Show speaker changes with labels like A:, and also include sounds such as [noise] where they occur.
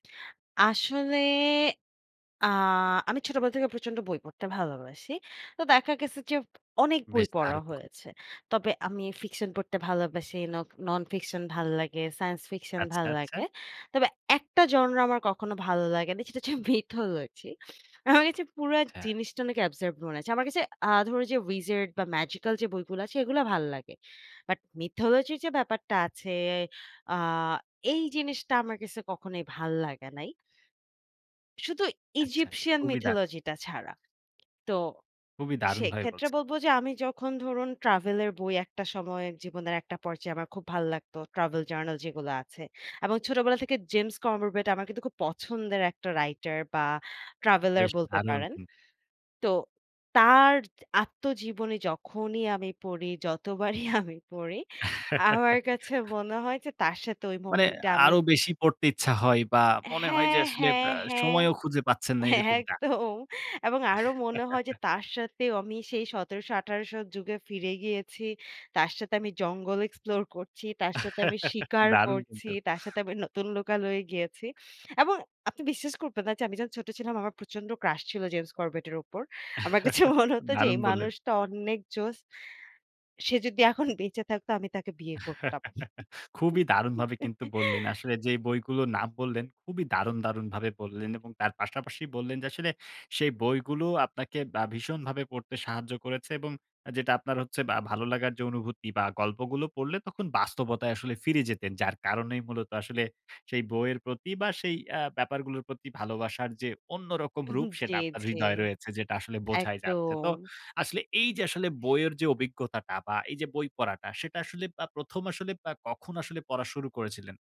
A: আসলে আ আমি ছোটবেলা থেকে প্রচন্ড বই পড়তে ভালোবাসি। তো দেখা গেছে যে, অনেক বই
B: বেশ
A: পড়া
B: দারুণ গুন।
A: হয়েছে। তবে আমি ফিকশন পড়তে ভালোবাসি, নক ননফিকশন ভাল্লাগে, সায়েন্স ফিকশন
B: আচ্ছা,
A: ভাল্লাগে।
B: আচ্ছা।
A: তবে একটা genre আমার কখনো ভালো লাগে নি। সেটা হচ্ছে mythology. [scoffs] আমার কাছে পুরা
B: আচ্ছা।
A: জিনিসটা অনেক absurd মনে হয়েছে। আমার কাছে আ ধরো যে, wizard বা ম্যাজিক্যাল যে বইগুলা আছে এগুলা ভাল্লাগে। বাট mythology র যে ব্যাপারটা আছে, আ এই জিনিসটা আমার কাছে কখনোই ভাল্লাগে নাই। শুধু
B: আচ্ছা,
A: Egyptian
B: খুবই দারুন।
A: mythology টা ছাড়া। তো
B: খুবই দারুণভাবে
A: সেইক্ষেত্রে
B: বলছেন।
A: বলব যে, আমি যখন ধরুন ট্রাভেলের বই ১ টা সময় জীবনের ১ টা পর্যায়ে আমার খুব ভালো লাগতো, travel journal যেগুলো আছে। এবং ছোটবেলা থেকে James Corbett আমার কিন্তু খুব পছন্দের একটা রাইটার বা ট্রাভেলার
B: বেশ
A: বলতে
B: দারুণ
A: পারেন।
B: কিন্তু।
A: তো তার আত্মজীবনী যখনই আমি পড়ি, যতবারই [scoffs] আমি পড়ি, আমার কাছে
B: [laughs]
A: মনে হয় যে তার সাথে ঐ
B: মানে
A: মোমেন্টে আমি
B: আরো বেশি পড়তে ইচ্ছা হয় বা মনে হয় যে,
A: হ্যাঁ,
B: আসলে
A: হ্যাঁ,
B: অ্যা
A: হ্যাঁ।
B: সময়ও খুঁজে পাচ্ছেন না এরকমটা।
A: একদম। এবং আরো মনে হয় যে,
B: [chuckles]
A: তার সাথেও আমি সেই ১৭০০ ১৮০০ র যুগে ফিরে গিয়েছি। তার সাথে আমি জঙ্গল এক্সপ্লোর করছি, তার সাথে আমি
B: [laughs]
A: শিকার
B: দারুণ
A: করছি,
B: কিন্তু।
A: তার সাথে আমি নতুন লোকালয়ে গিয়েছি এবং আপনি বিশ্বাস করবেন না যে, আমি যখন ছোট ছিলাম আমার প্রচন্ড ক্রাশ ছিল James Corbett এর উপর। আমার কাছে
B: [chuckles]
A: মনে [scoffs] হত যে,
B: দারুণ
A: এই
B: বললেন।
A: মানুষটা অন্নেক জোস। সে যদি এখন [scoffs] বেঁচে থাকত আমি তাকে বিয়ে করতাম।
B: [laughs] খুবই দারুণভাবে কিন্তু বললেন।
A: [laughs]
B: আসলে যে বইগুলো নাম বললেন খুবই দারুণ, দারুণভাবে বললেন এবং তার পাশাপাশি বললেন যে, আসলে সেই বইগুলো আপনাকে আ ভীষণভাবে পড়তে সাহায্য করেছে এবং যেটা আপনার হচ্ছে বা ভালো লাগার যে অনুভূতি বা গল্পগুলো পড়লে তখন বাস্তবতায় আসলে ফিরে যেতেন। যার কারণেই মূলত আসলে সেই বইয়ের প্রতি বা সেই আ ব্যাপারগুলোর প্রতি ভালোবাসার যে অন্যরকম রূপ
A: [scoffs] জি,
B: সেটা আপনার
A: জি।
B: হৃদয়ে রয়েছে যেটা আসলে বোঝাই যাচ্ছে। তো
A: একদম।
B: আসলে এই যে আসলে বইয়ের যে, অভিজ্ঞতাটা বা এই যে বই পড়াটা সেটা আসলে আব ১ম আসলে আ কখন আসলে পড়া শুরু করেছিলেন?